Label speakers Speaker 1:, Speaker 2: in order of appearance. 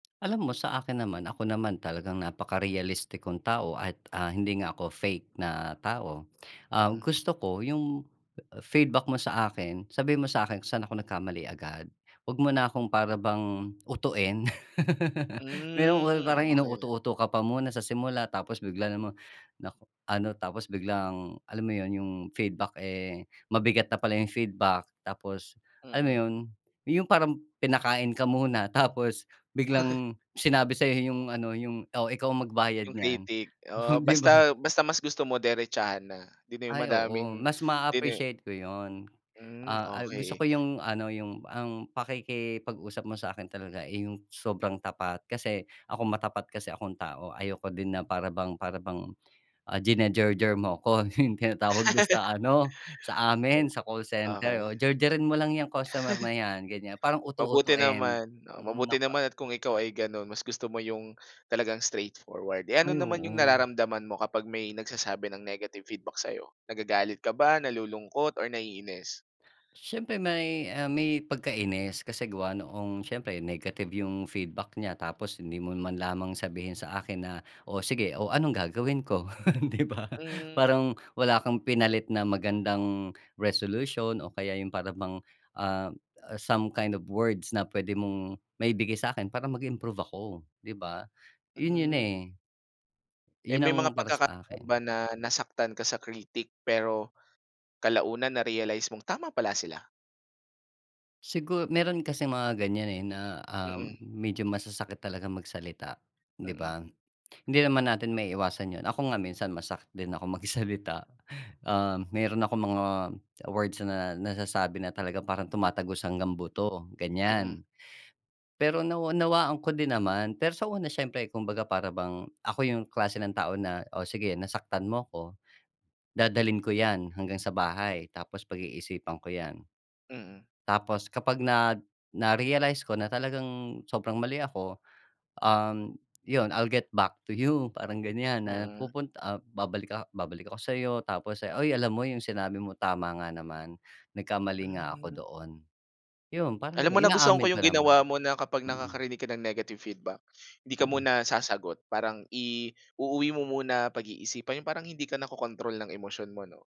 Speaker 1: Alam mo sa akin naman ako naman talagang napaka-realistik kong tao at, ah, hindi nga ako fake na tao. Ah,
Speaker 2: Mm.
Speaker 1: gusto ko yung feedback mo sa akin, sabihin mo sa'kin kung saan ako nagkamali agad, wag mo na akong para bang utuin. Meron
Speaker 2: Hmm,
Speaker 1: parang
Speaker 2: okey.
Speaker 1: inuuto-uto ka pa muna sa simula tapos bigla namang nako, ano tapos biglang, alam mo yun yung feedback, eh, mabigat na pala yung feedback tapos, alam mo
Speaker 2: Mm.
Speaker 1: yun, yung parang pinakain ka muna tapos biglang sinabi sa'yo yung ano, yung, "Oh, ikaw ang magbayad
Speaker 2: Yung
Speaker 1: niyan",
Speaker 2: critic.
Speaker 1: oh
Speaker 2: Oo,
Speaker 1: 'di ba.
Speaker 2: basta, basta mas gusto mo diretsahan na, 'di na yung
Speaker 1: Ay oo,
Speaker 2: madaming
Speaker 1: mas
Speaker 2: dine
Speaker 1: maappreciate ko yun.
Speaker 2: Mm,
Speaker 1: Ah, al gusto
Speaker 2: okey.
Speaker 1: ko yung ano, yung ang, pakikipag-usap mo sa'kin talaga, eh, yung sobrang tapat, kasi ako matapat kasi akong tao ayoko din na para bang para bang, ah, jinajerjer mo ko yung tinatawag mo sa ano sa amin sa call center.
Speaker 2: Okey.
Speaker 1: Oo, "Jerjerin mo lang 'yang customer na 'yan." gan'yan, parang
Speaker 2: Mabuti
Speaker 1: uto-utoin.
Speaker 2: naman, oh,
Speaker 1: Mm,
Speaker 2: mabuti
Speaker 1: nako.
Speaker 2: naman at kung ikaw ay gano'n mas gusto mo yung, talagang straightforward. Eh, ano
Speaker 1: Ay
Speaker 2: naman yung
Speaker 1: oo.
Speaker 2: nararamdaman mo kapag may nagsasabi ng negative feedback sa'yo? Nagagalit ka ba, nalulungkot or naiinis?
Speaker 1: Siyempre may, ah, may pagkainis kasi gawa noong, siyempre negative yung feedback nya, tapos hindi mo man lamang sabihin sa akin na, "Oh, sige o anong gagawin ko", 'di ba.
Speaker 2: Hmm.
Speaker 1: Parang wala kang pinalit na magandang resolution o kaya yung para bang, ah, some kind of words na p'wede mong maibigay sa'kin para mag-improve ako, 'di ba? Yun yun,
Speaker 2: Mm.
Speaker 1: eh.
Speaker 2: Eh,
Speaker 1: Yun
Speaker 2: may
Speaker 1: ang
Speaker 2: mga
Speaker 1: para sa
Speaker 2: pagkakataon
Speaker 1: akin.
Speaker 2: ba na nasaktan ka sa critic pero, kalaunan narealize mong tama pala sila?
Speaker 1: Sigur meron kasing mga gan'yan, eh, na, ah,
Speaker 2: Mm.
Speaker 1: medyo masasakit talagang magsalita, 'di
Speaker 2: Mm.
Speaker 1: ba? Hindi naman natin maiiwasan yun, ako nga minsan masakit din akong magsalita. Um, meron akong mga, words na, na nasasabi na talaga parang tumatagos hanggang buto gan'yan.
Speaker 2: Mm.
Speaker 1: Pero nawa nawaan ko din naman, pero sa una siyempre kumbaga para bang ako yung klase ng tao na, oh, sige nasaktan mo ko. Dadalhin ko 'yan hanggang sa bahay, tapos pag-iisipan ko 'yan.
Speaker 2: Mm.
Speaker 1: Tapos kapag nag na narealize ko na talagang sobrang mali ako, um, yun I'll get back to you parang gan'yan, na
Speaker 2: Mm.
Speaker 1: pupunt ah, babalik ah, babalik ako sa'yo, tapos "Ay alam mo yung sinabi mo tama nga naman, nagkamali nga ako
Speaker 2: Hmm.
Speaker 1: doon". Yun parang
Speaker 2: Alam mo nagustuhan
Speaker 1: inaamin
Speaker 2: ko yung
Speaker 1: ko naman,
Speaker 2: ginawa mo na kapag
Speaker 1: mm.
Speaker 2: nakakarinig ka ng negative feedback, 'di ka
Speaker 1: Mm.
Speaker 2: muna sasagot, parang i-uuwi mo muna pag-iisipan yung parang hindi ka nakokontrol ng emosyon mo 'no?